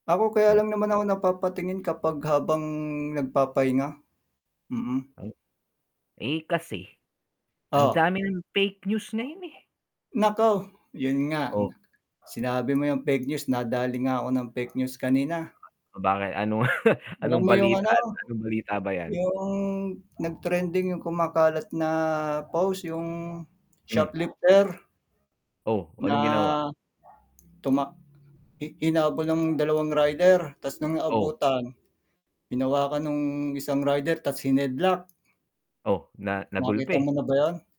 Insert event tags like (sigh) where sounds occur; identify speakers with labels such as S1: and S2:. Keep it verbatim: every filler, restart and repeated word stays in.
S1: Ako, kaya
S2: Ngek.
S1: lang naman ako napapatingin kapag habang nagpapahinga. Mm.
S2: Ay. Eh, kasi ang
S1: Oh.
S2: dami ng fake news ngayon, eh.
S1: Naku, 'yon nga, n
S2: Oh.
S1: Sinabi mo 'yang fake news, nadali nga ako ng fake news kanina.
S2: Oh, bakit anong (laughs)
S1: Alam
S2: anong
S1: mo 'yong
S2: balita
S1: ano?
S2: at anong balita ba 'yan?
S1: 'Yong nagtrending 'yong kumakalat na post, 'yong
S2: M. (unintelligible)
S1: shoplifter?
S2: Oh,
S1: Na
S2: anong ginawa?
S1: tumak hi hinabol ng dalawang rider ta's no'ng
S2: Oh.
S1: naabutan, hinawakan no'ng isang rider ta's hineadlock.
S2: Oh, na
S1: Nakita mo
S2: nagulpi?
S1: na ba 'yon?